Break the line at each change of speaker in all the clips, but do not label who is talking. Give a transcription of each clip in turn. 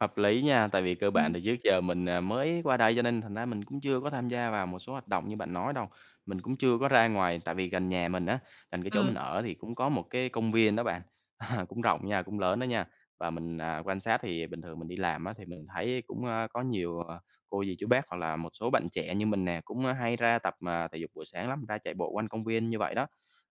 Hợp lý nha, tại vì cơ bản
Ừm.
thì trước giờ mình, ờ, mới qua đây, cho nên thành ra mình cũng chưa có tham gia vào một số hoạt động như bạn nói đâu. Mình cũng chưa có ra ngoài, tại vì gần nhà mình á, gần cái chỗ mình
Ừm.
ở thì cũng có một cái công viên đó bạn, cũng rộng nha, cũng lớn đó nha, và mình, à, quan sát thì bình thường mình đi làm á thì mình thấy cũng, ơ, có nhiều, ờ, cô dì, chú bác, hoặc là một số bạn trẻ như mình nè cũng, ơ, hay ra tập, ờ, thể dục buổi sáng lắm, ra chạy bộ quanh công viên như vậy đó.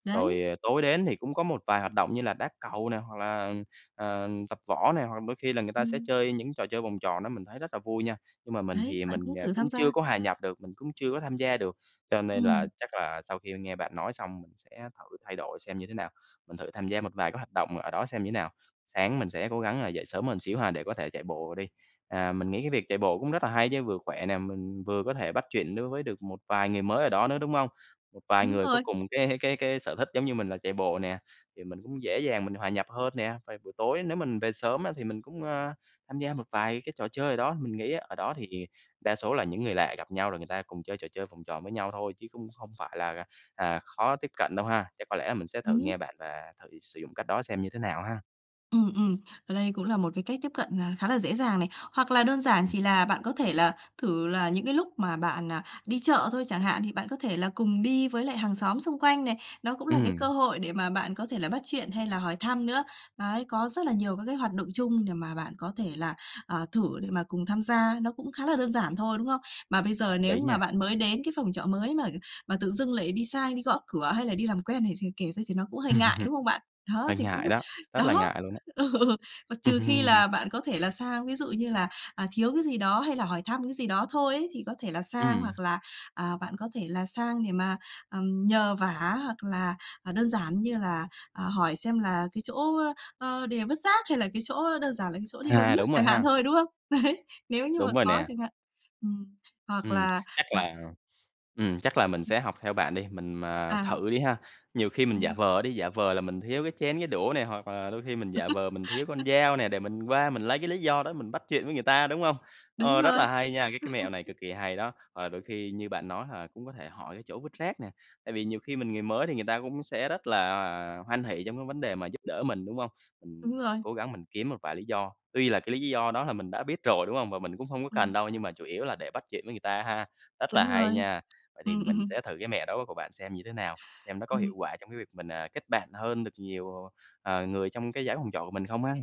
Đấy.
Rồi tối đến thì cũng có một vài hoạt động như là đá cầu nè, hoặc là, ừm, ờm, tập võ nè, hoặc đôi khi là người ta sẽ
Ừm.
chơi những trò chơi vòng tròn đó mình thấy rất là vui nha, nhưng mà mình
Đấy,
thì
bạn
mình,
cũng
à,
thử tham
cũng chưa
gia.
có hòa nhập được, mình cũng chưa có tham gia được. Cho nên là
Ừm.
chắc là sau khi nghe bạn nói xong mình sẽ thử thay đổi xem như thế nào, mình thử tham gia một vài cái hoạt động ở đó xem như thế nào. Sáng mình sẽ cố gắng là dậy sớm hơn xíu ha để có thể chạy bộ đi. À, mình nghĩ cái việc chạy bộ cũng rất là hay chứ vừa khỏe nè, mình vừa có thể bắt chuyện đối với được một vài người mới ở đó nữa, đúng hông? Một vài
Đúng
người có
rồi.
cùng cái cái cái sở thích giống như mình là chạy bộ nè, thì mình cũng dễ dàng mình hòa nhập hơn nè, và buổi tối nếu mình về sớm á thì mình cũng, ơ, tham gia một vài cái trò chơi ở đó, mình nghĩ ở đó thì hiện đa số là những người lạ gặp nhau rồi người ta cùng chơi trò chơi vòng tròn với nhau thôi, chứ cũng không phải là, à, à, khó tiếp cận đâu ha? Chắc có lẽ mình sẽ thử
Đúng.
nghe bạn và thử sử dụng cách đó xem như thế nào ha.
Ừm, ừm, ở đây cũng là một cái cách tiếp cận, à, khá là dễ dàng này, hoặc là đơn giản
Ừm.
chỉ là bạn có thể là thử là những cái lúc mà bạn, à, đi chợ thôi chẳng hạn, thì bạn có thể là cùng đi với lại hàng xóm xung quanh này, nó cũng là cái
Ừm.
cơ hội để mà bạn có thể là bắt chuyện hay là hỏi thăm nữa. Đấy, có rất là nhiều các cái hoạt động chung để mà bạn có thể là, à, thử để mà cùng tham gia, nó cũng khá là đơn giản thôi, đúng không? Mà bây
Hợp
giờ nếu
lí
như mà
nha!
bạn mới đến cái phòng trọ mới mà mà tự dưng lại đi sai đi gõ cửa, hay là đi làm quen này thì kể ra thì nó cũng hơi ngại, đúng không bạn? Đó,
Hơi
thì cũng
ngại đó. Rất là
đó,
ngại luôn á.
ừ, mà trừ khi là bạn có thể là sang, ví dụ như là, à, thiếu cái gì đó, hay là hỏi thăm cái gì đó thôi ấy thì có thể là sang,
Ừm.
hoặc là, à, bạn có thể là sang để mà, ừm, nhờ vả, hoặc là, à, đơn giản như là, à, hỏi xem là cái chỗ, ơ, ờ, đề vứt rác, hay là cái chỗ, ơ, đơn giản là cái chỗ đi bơm
À,
nước
đúng rồi
chẳng hạn
ha.
thôi, đúng không? Đấy, nếu như mà
Đúng rồi
có
nè.
chẳng hạn. Ừm. Hoặc
Ừm,
là,
chắc
à
là, ừm, chắc là mình sẽ học theo bạn đi, mình mà
À.
thử đi ha. Nhiều khi mình giả
Ừm.
vờ đi, giả vờ là mình thiếu cái chén cái đũa nè, hoặc là đôi khi mình giả vờ mình thiếu con dao nè, để mình qua mình lấy cái lý do đó mình bắt chuyện với người ta, đúng hông?
Đúng
Ờ, rất
rồi.
là hay nha, cái cái mẹo này cực kì hay đó, và đôi khi như bạn nói hoặc là cũng có thể hỏi cái chỗ vứt rác nè, tại vì nhiều khi mình người mới thì người ta cũng sẽ rất là, à, hoan hỉ trong cái vấn đề mà giúp đỡ mình, đúng hông?
Đúng
Mình
rồi.
cố gắng mình kiếm một vài lý do, tuy là cái lý do đó là mình đã biết rồi, đúng hông? Và mình cũng hông có cần
Ừm.
đâu, nhưng mà chủ yếu là để bắt chuyện với người ta ha. Rất là
Đúng
hay
rồi.
nha! Vậy thì
Ừm,
mình
ừm.
sẽ thử cái mẹo đó của bạn xem như thế nào, xem nó có
Ừm.
hiệu quả trong cái việc mình, ờ, kết bạn hơn được nhiều, ồ, ờ, người trong cái dãy phòng trọ của mình không ha.